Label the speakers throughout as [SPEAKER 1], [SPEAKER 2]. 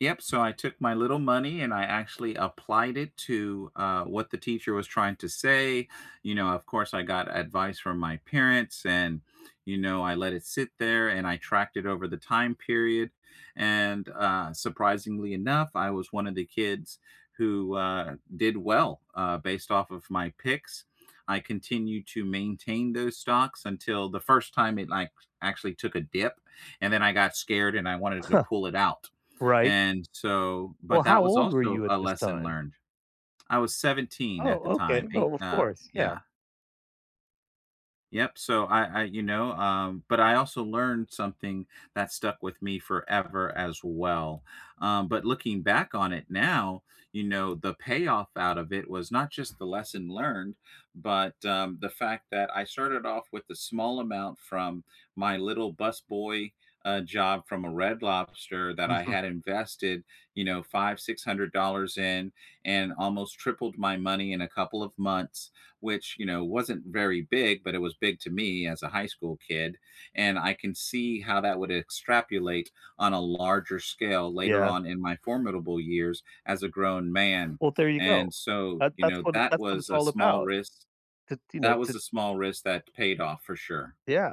[SPEAKER 1] Yep, so I took my little money and I actually applied it to, uh, what the teacher was trying to say, you know, of course, I got advice from my parents, and, you know, I let it sit there, and I tracked it over the time period, and, uh, surprisingly enough, I was one of the kids who, uh, did well, uh, based off of my picks. I continued to maintain those stocks until the first time it, like, actually took a dip, and then I got scared and I wanted to
[SPEAKER 2] Huh,
[SPEAKER 1] pull it out,
[SPEAKER 2] right.
[SPEAKER 1] and so
[SPEAKER 2] Well,
[SPEAKER 1] but
[SPEAKER 2] how
[SPEAKER 1] that was
[SPEAKER 2] old were
[SPEAKER 1] also
[SPEAKER 2] you at
[SPEAKER 1] a
[SPEAKER 2] this
[SPEAKER 1] lesson
[SPEAKER 2] time?
[SPEAKER 1] learned. I was 17 at the
[SPEAKER 2] Oh, okay.
[SPEAKER 1] time, 8,
[SPEAKER 2] Well, of
[SPEAKER 1] uh,
[SPEAKER 2] course, yeah.
[SPEAKER 1] yeah. Yep, so I I, you know, um, but I also learned something that stuck with me forever as well. Um, but looking back on it now, you know, the payoff out of it was not, just, the lesson learned, but, um, the fact that I started off with a small amount from my little busboy, uh, job from a Red Lobster that I
[SPEAKER 2] Mhm.
[SPEAKER 1] had invested, you know, $500, $600 in and almost tripled my money in a couple of months, which, you know, wasn't very big, but it was big to me as a high school kid, and I can see how that would extrapolate on a larger scale later
[SPEAKER 2] Yeah.
[SPEAKER 1] on in my formidable years as a grown man,
[SPEAKER 2] Well, there you
[SPEAKER 1] and
[SPEAKER 2] go.
[SPEAKER 1] so,
[SPEAKER 2] That
[SPEAKER 1] you
[SPEAKER 2] that's
[SPEAKER 1] know,
[SPEAKER 2] how
[SPEAKER 1] that
[SPEAKER 2] that's what it's
[SPEAKER 1] was a
[SPEAKER 2] all
[SPEAKER 1] small
[SPEAKER 2] about
[SPEAKER 1] risk
[SPEAKER 2] to, you know,
[SPEAKER 1] that was
[SPEAKER 2] to
[SPEAKER 1] a small risk that paid off for sure.
[SPEAKER 2] Yeah,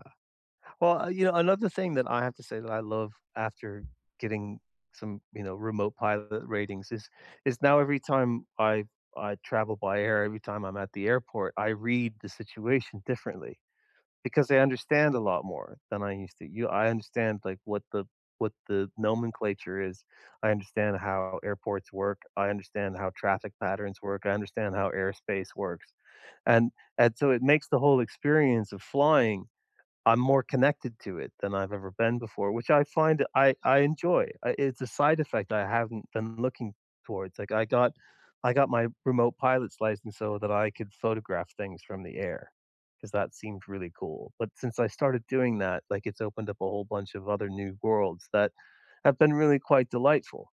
[SPEAKER 2] well, yeah, another thing that I have to say that I love after getting some, you know, remote pilot ratings is is now every time I I travel by air, every time I'm at the airport, I read the situation differently because I understand a lot more than I used to. Y I understand, like, what the what the nomenclature is. I understand how airports work, I understand how traffic patterns work, I understand how airspace works, and and so it makes the whole experience of flying I'm more connected to it than I've ever been before, which I find I I enjoy. I it's a side effect I haven't been looking towards. Like, I got I got my remote pilot's license so that I could photograph things from the air 'cause that seems really cool, but since I started doing that, like, it's opened up a whole bunch of other new worlds that have been really quite delightful.